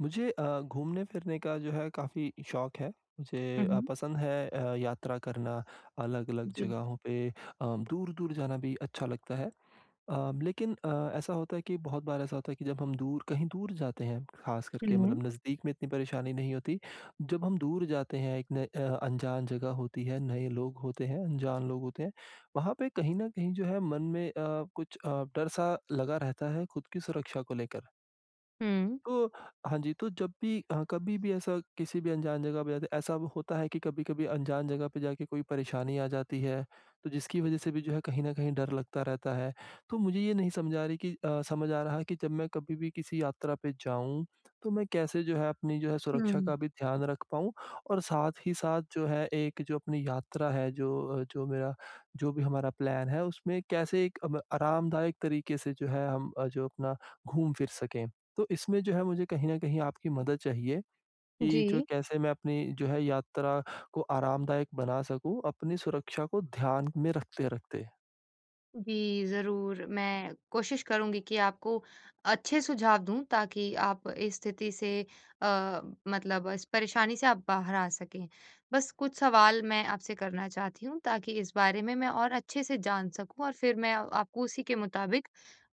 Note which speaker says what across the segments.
Speaker 1: मुझे अ, घूमने-फिरने का जो है काफ़ी शौक़ है।
Speaker 2: हुँ,
Speaker 1: मुझे अ,
Speaker 2: हुँ।
Speaker 1: पसंद है अ, यात्रा करना अलग-अलग
Speaker 2: जी।
Speaker 1: जगहों पे अ, दूर-दूर जाना भी अच्छा लगता है अ, लेकिन अ, ऐसा होता है कि बहुत बार ऐसा होता है कि जब हम दूर कहीं दूर जाते हैं, ख़ास करके
Speaker 2: हुँ।
Speaker 1: मतलब नज़दीक में इतनी परेशानी नहीं होती, जब हम दूर जाते हैं एक न अ, अनजान जगह होती है, नए लोग होते हैं, अनजान लोग होते हैं, वहाँ पे कहीं न कहीं जो है मन में अ, कुछ अ, डर सा लगा रहता है खुद की सुरक्षा को लेकर।
Speaker 2: हुँ।
Speaker 1: तो, हाँ जी, तो जब भी अ, कभी भी ऐसा किसी भी अनजान जगह पे जाते, ऐसा होता है कि कभी-कभी अनजान जगह पे जाके कोई परेशानी आ जाती है, तो जिसकी वज़ह से भी जो है कहीं न कहीं डर लगता रहता है, तो मुझे ये नहीं समझा रही कि अ, समझ आ रहा है कि जब मैं कभी भी किसी यात्रा पे जाऊँ, तो मैं कैसे जो है, अपनी जो है, सुरक्षा
Speaker 2: हुँ।
Speaker 1: का भी ध्यान रख पाऊँ और साथ ही साथ जो है, एक जो अपनी यात्रा है, जो अ, जो, मेरा जो भी हमारा प्लान है उसमें कैसे एक अम आरामदायक तरीक़े से जो है, हम अ, जो अपना घूम फिर सकें। तो इसमें जो है मुझे कहीं न कहीं आपकी मदद चाहिए, कि जो
Speaker 2: जी।
Speaker 1: कैसे मैं अपनी जो है, यात्रा को आरामदायक बना सकूँ, अपनी सुरक्षा को ध्यान में रखते-रखते?
Speaker 2: जी, ज़रूर मैं कोशिश करूँगी कि आपको अच्छे सुझाव दूँ ताकि आप इस स्थिति से अ, मतलब इस परेशानी से आप बाहर आ सकें। बस कुछ सवाल मैं आपसे करना चाहती हूँ ताकि इस बारे में मैं और अच्छे से जान सकूँ और फिर मैं आपको उसी के मुताबिक,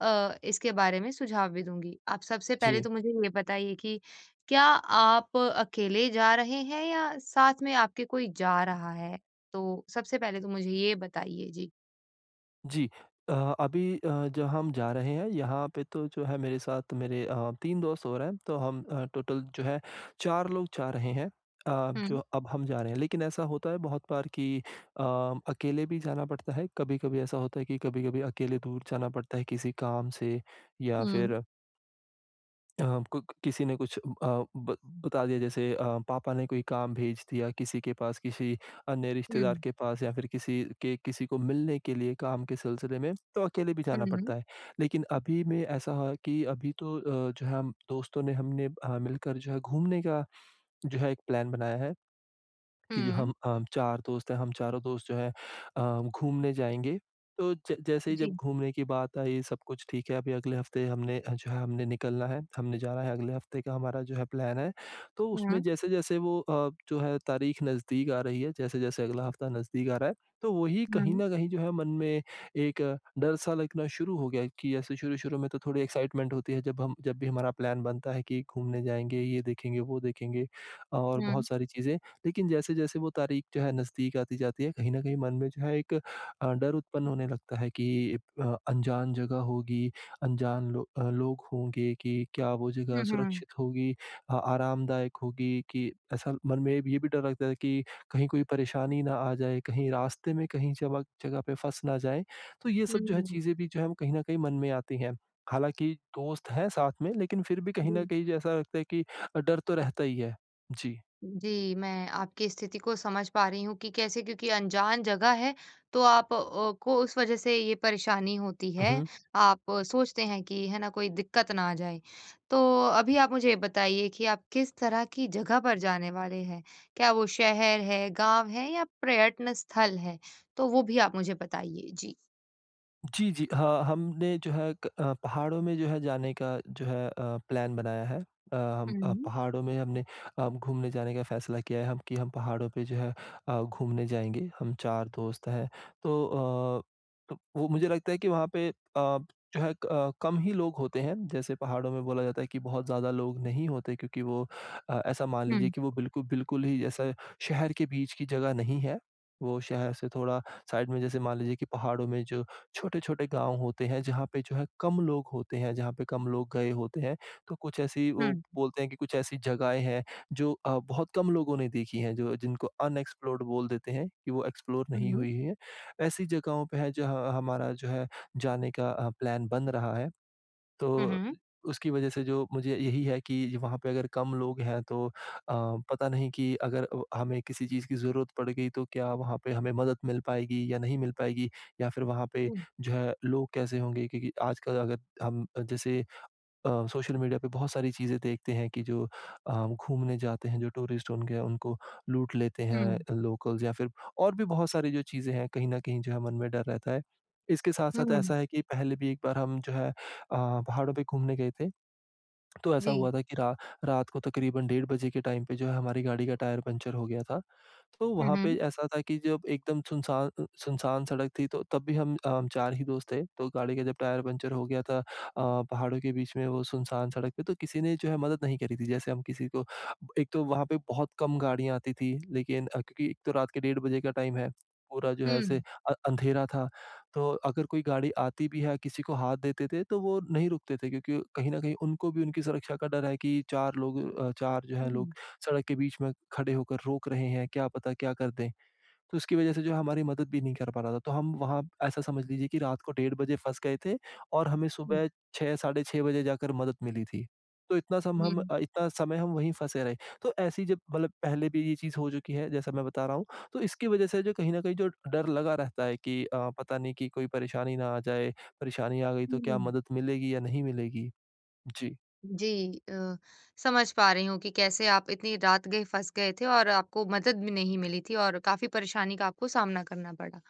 Speaker 2: अ, इसके बारे में सुझाव भी दूँगी। आप सबसे पहले
Speaker 1: जी।
Speaker 2: तो मुझे ये बताइए कि क्या आप अकेले जा रहे हैं या साथ में आपके कोई जा रहा है? तो सबसे पहले तो मुझे ये बताइए? जी।
Speaker 1: जी, अ, अभी अ, जहाँ हम जा रहे हैं, यहाँ पे तो जो है मेरे साथ मेरे अ, 3 दोस्त और हैं, तो हम अ, टोटल जो है 4 लोग जा रहे हैं। अब जो
Speaker 2: हुँ।
Speaker 1: अब हम जा रहे हैं लेकिन ऐसा होता है बहुत बार कि अ, अकेले भी जाना पड़ता है, कभी-कभी ऐसा होता है कि कभी-कभी अकेले दूर जाना पड़ता है किसी काम से या
Speaker 2: हुँ।
Speaker 1: फिर अब कुक किसी ने कुछ अ, ब बता दिया जैसे अ, पापा ने कोई काम भेज दिया किसी के पास किसी अन्य रिश्तेदार
Speaker 2: हुँ।
Speaker 1: के पास या फिर किसी के किसी को मिलने के लिए काम के सिलसिले में, तो अकेले भी जाना
Speaker 2: हुँ।
Speaker 1: पड़ता है। लेकिन अभी में ऐसा है कि अभी तो अ, जो है दोस्तों ने हमने अ, मिलकर जो है घूमने का जो है एक प्लान बनाया है, कि जो
Speaker 2: हुँ।
Speaker 1: हम अ, 4 दोस्त हैं हम चारों दोस्त जो हैं अ, घूमने जाएँगे। तो ज जैसे ही जब
Speaker 2: जी।
Speaker 1: घूमने की बात आई सब कुछ ठीक है अभी अगले हफ़्ते हमने अ, जो है हमने निकलना है, हमने जाना है अगले हफ़्ते का हमारा जो है प्लान है। तो
Speaker 2: हुँ।
Speaker 1: उसमें जैसे-जैसे वो अ, जो है तारीख नज़दीक आ रही है, जैसे-जैसे अगला हफ्ता नज़दीक आ रहा है, तो वो ही कहीं
Speaker 2: हुँ।
Speaker 1: न कहीं जो है मन में एक डर सा लगना शुरू हो गया है कि ऐसे शुरू-शुरू में तो थोड़ी एक्साइटमेंट होती है जब हम जब भी हमारा प्लान बनता है कि घूमने जाएँगे, ये देखेंगे वो देखेंगे, और
Speaker 2: हुँ।
Speaker 1: बहुत सारी चीज़ें, लेकिन जैसे-जैसे वो तारीख जो है नज़दीक आती जाती है कहीं न कहीं मन में जो है एक अ, डर उत्पन्न होने लगता है कि अ, अनजान जगह होगी, अनजान लो अ, लोग होंगे कि क्या वो जगह
Speaker 2: हुँ, हुँ।
Speaker 1: सुरक्षित होगी अ, आरामदायक होगी कि ऐसा मन में ये भी डर लगता है कि कहीं कोई परेशानी ना आ जाए, कहीं रास्ते में कहीं जमक जगह पे फँस ना जाएँ, तो ये सब जो है
Speaker 2: हुँ।
Speaker 1: चीज़ें भी जो है कहीं न कहीं मन में आती हैं। हालाँकि दोस्त हैं साथ में लेकिन फिर भी कहीं न
Speaker 2: जी।
Speaker 1: कहीं जो ऐसा लगता है कि अ, डर तो रहता ही है। जी।
Speaker 2: जी, मैं आपकी स्थिति को समझ पा रही हूँ कि कैसे क्योंकि अनजान जगह है, तो आप अ, को उस वजह से ये परेशानी होती
Speaker 1: हुँ,
Speaker 2: है,
Speaker 1: हुँ।
Speaker 2: आप सोचते हैं कि है ना कोई दिक्कत ना आ जाए। तो अभी आप मुझे ये बताइए कि आप किस तरह की जगह पर जाने वाले हैं? क्या वो शहर है, गाँव है या प्रयत्न स्थल है? तो वो भी आप मुझे बताइए? जी।
Speaker 1: जी, जी, हाँ हमने जो है, क पहाड़ों में जो है, जाने का जो है अ, प्लान बनाया है। अ, हम
Speaker 2: हुँ।
Speaker 1: पहाड़ों में हमने अ, घूमने जाने का फैसला किया है हम कि हम पहाड़ों पे जो है अ, घूमने जाएँगे हम 4 दोस्त हैं। तो अ, त वो मुझे लगता है कि वहाँ पे अ, जो है क अ, कम ही लोग होते हैं, जैसे पहाड़ों में बोला जाता है कि बहुत ज़्यादा लोग नहीं होते क्योंकि वो अ, ऐसा मान लीजिए
Speaker 2: हुँ।
Speaker 1: कि वो बिल्कुल बिल्कुल, ही ऐसा शहर के बीच की जग़ह नहीं है। वो शहर से थोड़ा साइड में जैसे मान लीजिए कि पहाड़ों में जो, छोटे-छोटे गाँव होते हैं, जहाँ पे जो है कम लोग होते हैं, जहाँ पे कम लोग गए होते हैं। तो कुछ ऐसी वो
Speaker 2: हुँ।
Speaker 1: बोलते हैं कि कुछ ऐसी जगहें हैं जो अ, बहुत कम लोगों ने देखी हैं, जो जिनको अनएक्सप्लोर्ड बोल देते हैं, कि वो एक्सप्लोर नहीं
Speaker 2: हुँ।
Speaker 1: हुई हैं। ऐसी जगहों पे है, जहाँ हमारा जो है, जाने का अ, प्लान बन रहा है।
Speaker 2: हुँ,
Speaker 1: तो
Speaker 2: हुँ।
Speaker 1: उसकी वज़ह से जो मुझे यही है कि वहाँ पे अगर कम लोग हैं तो अ, पता नहीं कि अगर अ, हमें किसी चीज़ की ज़रूरत पड़ गई तो क्या वहाँ पे हमें मदद मिल पाएगी या नहीं मिल पाएगी। या फिर वहाँ पे,
Speaker 2: हुँ।
Speaker 1: जो है लोग कैसे होंगे, क्योंकि आजकल अगर हम जैसे अ, सोशल मीडिया पे बहुत सारी चीज़ें देखते हैं कि जो अ, घूमने जाते हैं जो टूरिस्ट उनके उनको लूट लेते हैं,
Speaker 2: हुँ।
Speaker 1: लोकल्ज़ या फिर और भी बहुत सारी जो चीज़ें हैं, कहीं न कहीं जो है मन में डर रहता है। इसके साथ-साथ
Speaker 2: हुँ।
Speaker 1: ऐसा है कि पहले भी एक बार हम जो है अ, पहाड़ों पे घूमने गए थे। तो ऐसा
Speaker 2: जी।
Speaker 1: हुआ था की रा रात को तकरीबन डेढ़ बजे के टाइम पे जो है हमारी गाड़ी का टायर पंक्चर हो गया था। तो
Speaker 2: हुँ,
Speaker 1: वहाँ पे
Speaker 2: हुँ।
Speaker 1: ऐसा था कि जब एकदम सुनसा अ, सुनसान सड़क थी, तो तब भी हम 4 ही दोस्त थे। तो गाड़ी का जब टायर पंक्चर हो गया था अ, पहाड़ों के बीच में वो सुनसान सड़क पे तो, किसी ने जो है मदद नहीं करी थी। जैसे हम किसी को एक तो, वहाँ पे बहुत कम गाड़ियाँ आती थीं। लेकिन अ, क्योंकि एक तो रात के डेढ़ बजे का टाइम है, पूरा जो है ऐसे
Speaker 2: हुँ।
Speaker 1: अ अंधेरा था। तो अगर कोई गाड़ी आती भी है, किसी को हाथ देते थे, तो वो नहीं रुकते थे। क्योंकि कहीं न कहीं उनको भी उनकी सुरक्षा का डर है कि 4 लोग अ, 4 जो हैं
Speaker 2: हुँ।
Speaker 1: लोग सड़क के बीच में खड़े होकर रोक रहे हैं, क्या पता, क्या कर दें। तो उसकी वज़ह से जो हमारी मदद भी नहीं कर पा रहा था। तो हम वहाँ ऐसा समझ लीजिए कि रात को डेढ़ बजे फंस गए थे। और हमें
Speaker 2: हुँ।
Speaker 1: सुबह 6 साढ़े 6 बजे जाकर मदद मिली थी। तो इतना सम हम
Speaker 2: हुँ।
Speaker 1: इतना समय हम वहीं फंसे रहे। तो ऐसी जब मतलब पहले भी ये चीज़ हो चुकी है, जैसा मैं बता रहा हूँ। तो इसकी वज़ह से जो कहीं न कहीं जो डर लगा रहता है कि अ, पता नहीं कि कोई परेशानी ना आ जाए, परेशानी आ गई तो क्या
Speaker 2: हुँ।
Speaker 1: मदद मिलेगी या नहीं मिलेगी। जी।
Speaker 2: जी, अ, समझ पा रही हूँ कि कैसे आप इतनी रात गए फँस गए थे और आपको मदद भी नहीं मिली थी और काफ़ी परेशानी का आपको सामना करना पड़ा।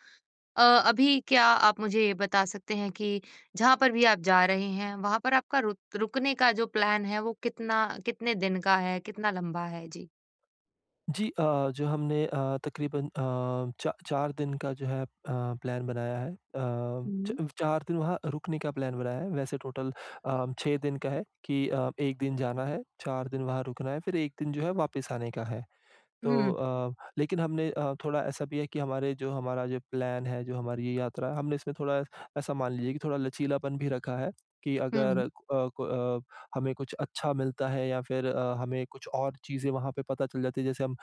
Speaker 2: अ, अभी क्या आप मुझे ये बता सकते हैं कि जहाँ पर भी आप जा रहे हैं, वहाँ पर आपका रुक रुकने का जो प्लान है वो कितना कितने दिन का है, कितना लंबा है? जी।
Speaker 1: जी, अ, जो हमने अ, तक़रीबन अ, चा चार दिन का जो है अ, प्लान बनाया है। अ, च
Speaker 2: हुँ।
Speaker 1: चार दिन वहाँ रुकने का प्लान बनाया है, वैसे टोटल अ, 6 दिन का है कि अ, 1 दिन जाना है, 4 दिन वहाँ रुकना है, फिर 1 दिन जो है वापिस आने का है। तो
Speaker 2: हुँ।
Speaker 1: अ, लेकिन हमने अ, थोड़ा ऐसा भी है कि हमारे जो हमारा जो प्लान है, जो हमारी ये यात्रा है हमने इसमें थोड़ा ऐसा मान लीजिए कि थोड़ा लचीलापन भी रखा है, कि अगर
Speaker 2: हुँ।
Speaker 1: अ अ, हमें कुछ अच्छा मिलता है या फिर अ, हमें कुछ और चीज़ें वहाँ पे पता चल जाती है जैसे हम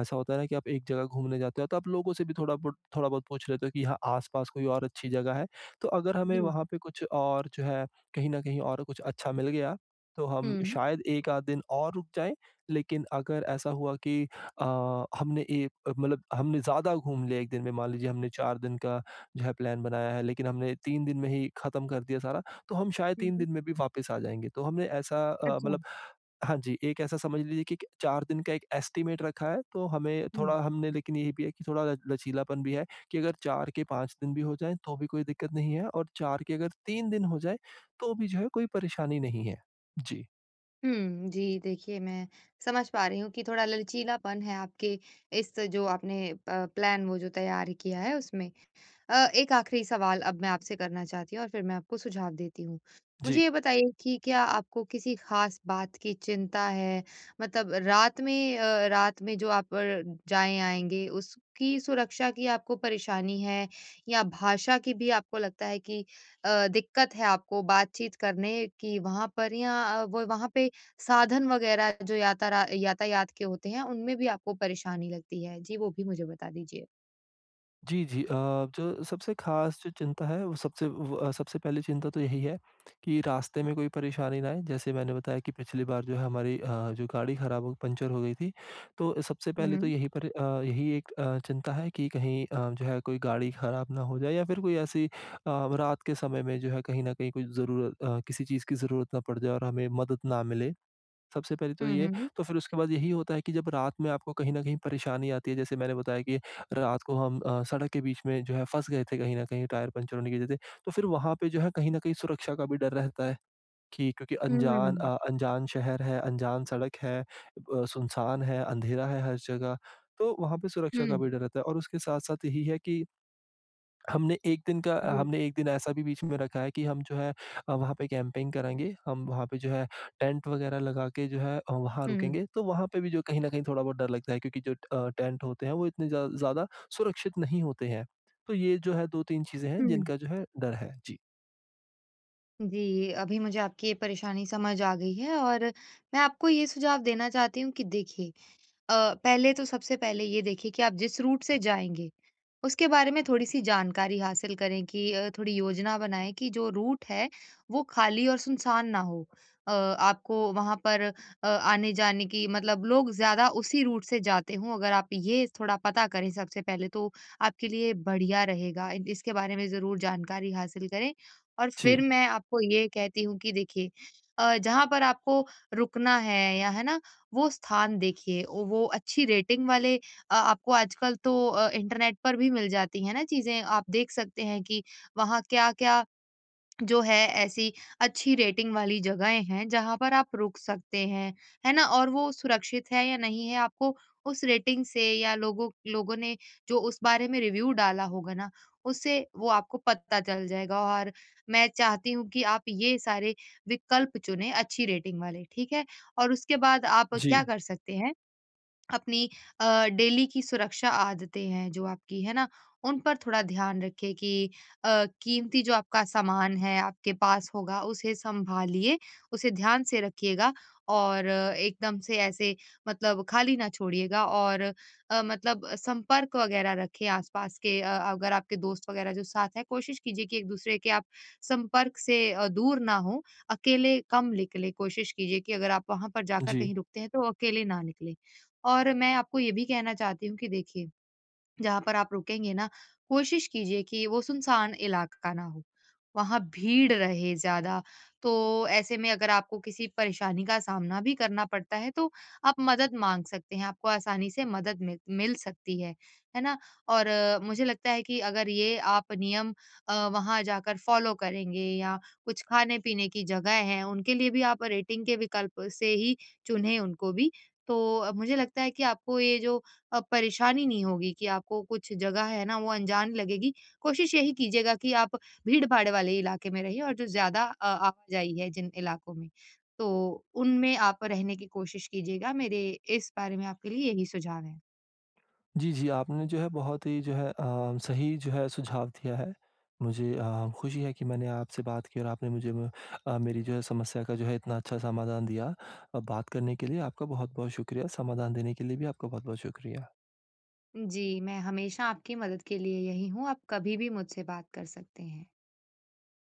Speaker 1: ऐसा होता है ना कि आप एक जगह घूमने जाते हो तो आप लोगों से भी थोड़ा बुट थोड़ा-बहुत पूछ लेते हो कि यहाँ आस-पास कोई और अच्छी जगह है? तो अगर हमें
Speaker 2: जी।
Speaker 1: वहाँ पे कुछ और जो है कहीं न कहीं और कुछ अच्छा मिल गया, तो हम
Speaker 2: हुँ।
Speaker 1: शायद 1 आध दिन और रुक जाएँ। लेकिन अगर ऐसा हुआ कि अ, हमने एक मतलब हमने ज़्यादा घूम लिया एक दिन में, मान लीजिए हमने 4 दिन का जो है प्लान बनाया है लेकिन हमने 3 दिन में ही ख़त्म कर दिया सारा, तो हम शायद
Speaker 2: हुँ,
Speaker 1: 3
Speaker 2: हुँ।
Speaker 1: दिन में भी वापिस आ जाएँगे। तो हमने ऐसा अ, मतलब
Speaker 2: अच्छा।
Speaker 1: हाँ जी, एक ऐसा समझ लीजिए कि के 4 दिन का एक एस्टिमेट रखा है, तो हमें
Speaker 2: हुँ।
Speaker 1: थोड़ा हमने लेकिन ये भी है कि थोड़ा ल लचीलापन भी है, कि अगर 4 के 5 दिन भी हो जाएँ, तो भी कोई दिक्क़त नहीं है, और 4 के अगर 3 दिन हो जाएँ, तो भी जो है कोई परेशानी नहीं है। जी।
Speaker 2: हुँ। जी देखिए मैं समझ पा रही हूँ कि थोड़ा लचीलापन है आपके, इस जो आपने प प्लान वो जो तैयार किया है उसमें। अ, एक आखिरी सवाल अब मैं आपसे करना चाहती हूँ और फिर मैं आपको सुझाव देती हूँ। मुझे
Speaker 1: जी।
Speaker 2: ये बताइए कि क्या आपको किसी खास बात की चिंता है? मतलब रात में अ, रात में जो आप र जाएँ-आएँगे, उसकी सुरक्षा की आपको परेशानी है? या भाषा की भी आपको लगता है कि अ, दिक्कत है आपको बातचीत करने की वहाँ पर? या अ, व वहाँ पे साधन वगैरह जो याता रा यातायात के होते हैं, उनमें भी आपको परेशानी लगती है? जी, वो भी मुझे बता दीजिए।
Speaker 1: जी, जी। अ, जो सबसे खास जो चिंता है, वो सबसे व सबसे पहली चिंता तो यही है, कि रास्ते में कोई परेशानी ना आए। जैसे मैंने बताया कि पिछली बार जो है हमारी अ, जो गाड़ी खराब हो पंचर हो गई थी। तो सबसे पहले तो
Speaker 2: हुँ।
Speaker 1: यही पर अ, यही एक अ, चिंता है कि कहीं अ, जो है कोई गाड़ी खराब ना हो जाए। या फिर कोई ऐसी अ, व रात के समय में जो है कहीं न कहीं कोई ज़रूर अ, किसी चीज़ की ज़रूरत ना पड़ जाए और हमें मदद ना मिले। सबसे पहले तो
Speaker 2: हुँ,
Speaker 1: ये,
Speaker 2: हुँ, हुँ।
Speaker 1: तो फिर उसके बाद यही होता है कि जब रात में आपको कहीं न कहीं परेशानी आती है। जैसे मैंने बताया कि रात को हम अ, सड़क के बीच में जो है फँस गए थे कहीं न कहीं, टायर पंचरें होने की वजह से। तो फिर वहाँ पे जो है कहीं न कहीं सुरक्षा का भी डर रहता है, कि क्योंकि अनजान
Speaker 2: हुँ।
Speaker 1: अ अनजान शहर है, अनजान सड़क है, अ, सुनसान है, अंधेरा है हर जगह, तो वहाँ पे सुरक्षा का
Speaker 2: हुँ।
Speaker 1: भी डर रहता है। और उसके साथ-साथ यही है कि, हमने एक दिन का अ,
Speaker 2: जी।
Speaker 1: हमने 1 दिन ऐसा भी बीच में रखा है कि हम जो है अ, वहाँ पे कैम्पिंग करेंगे। हम वहाँ पे जो है, टेंट वगैरह लगा के, जो है वहाँ
Speaker 2: हुँ।
Speaker 1: रुकेंगे। तो वहाँ पे भी जो कहीं न कहीं थोड़ा बहुत डर लगता है क्योंकि ज अ, जो टेंट होते हैं, वो इतने ज्या ज़्यादा सुरक्षित नहीं होते हैं। तो ये जो है 2-3 चीजें हैं
Speaker 2: हुँ।
Speaker 1: जिनका जो है डर है, जी।
Speaker 2: जी, अभी मुझे आपकी ये परेशानी समझ आ गई है। और मैं आपको ये सुझाव देना चाहती हूँ कि देखिए अ, पहले तो सबसे पहले ये देखिए कि आप जिस रूट से जाएँगे, उसके बारे में थोड़ी सी जानकारी हासिल करें कि अ, थोड़ी योजना बनाएँ कि जो रूट है वो खाली और सुनसान ना हो। अ, आपको वहाँ पर अ, आने-जाने की मतलब लोग ज़्यादा उसी रूट से जाते हों। अगर आप ये थोड़ा पता करें सबसे पहले तो आपके लिए बढ़िया रहेगा इ इसके बारे में ज़रूर जानकारी हासिल करें। और फिर
Speaker 1: जी।
Speaker 2: मैं आपको ये कहती हूँ कि देखिए अ, जहाँ पर आपको रुकना है, या है ना? वो स्थान देखिए वो अच्छी रेटिंग वाले अ, आपको आजकल तो अ इंटरनेट पर भी मिल जाती है ना चीज़ें आप देख सकते हैं कि वहाँ क्या-क्या जो है ऐसी अच्छी रेटिंग वाली जगहें हैं जहाँ पर आप रुक सकते हैं, है ना? और वो सुरक्षित है या नहीं है आपको उस रेटिंग से या लोगों लोगों ने जो उस बारे में रिव्यू डाला होगा ना उससे वो आपको पता चल जाएगा। और मैं चाहती हूँ कि आप ये सारे विकल्प चुनें अच्छी रेटिंग वाले ठीक है? और उसके बाद आप क्या
Speaker 1: जी।
Speaker 2: कर सकते हैं। अपनी अ, डेली की सुरक्षा आदतें हैं जो आपकी है ना? उन पर थोड़ा ध्यान रखिए कि अ, कीमती जो आपका सामान है आपके पास होगा उसे सँभालिए उसे ध्यान से रखिएगा और एकदम से ऐसे मतलब खाली ना छोड़िएगा और अ, मतलब संपर्क वगैरह रखें आस-पास के अगर आपके दोस्त वगैरह जो साथ हैं, कोशिश कीजिए कि एक-दूसरे के आप संपर्क से अ, दूर ना हो अकेले कम निकलें। कोशिश कीजिए कि अगर आप वहाँ पर जाकर
Speaker 1: जी।
Speaker 2: कहीं रुकते हैं तो अकेले ना निकलें। और मैं आपको ये भी कहना चाहती हूँ कि देखिए जहाँ पर आप रुकेंगे ना कोशिश कीजिए कि वो सुनसान इलाका ना हो वहाँ भीड़ रहे ज़्यादा। तो ऐसे में अगर आपको किसी परेशानी का सामना भी करना पड़ता है तो आप मदद माँग सकते हैं आपको आसानी से मदद मि मिल सकती है, है ना? और मुझे लगता है कि अगर ये आप नियम अ, वहाँ जाकर फॉलो करेंगे या कुछ खाने-पीने की जगह हैं उनके लिए भी आप रेटिंग के विकल्प से ही चुनें उनको भी तो मुझे लगता है कि आपको ये जो अ, परेशानी नहीं होगी कि आपको कुछ जगह है ना वो अनजान लगेगी। कोशिश यही कीजिएगा कि आप भीड़-भाड़ वाले इलाके में रहिए और जो ज़्यादा अ, आवाजाही है जिन इलाकों में। तो उनमें आप रहने की कोशिश कीजिएगा मेरे इस बारे में आपके लिए यही सुझाव हैं।
Speaker 1: जी, जी आपने जो है बहुत ही जो है अ, सही जो है सुझाव दिया है। मुझे अ, खुशी है कि मैंने आपसे बात की और आपने मुझे ब अ, मेरी जो है समस्या का जो है इतना अच्छा समाधान दिया। अ, बात करने के लिए आपका बहुत-बहुत शुक्रिया, समाधान देने के लिए भी आपका बहुत-बहुत शुक्रिया।
Speaker 2: जी, मैं हमेशा आपकी मदद के लिए यही हूँ, आप कभी भी मुझसे बात कर सकते हैं।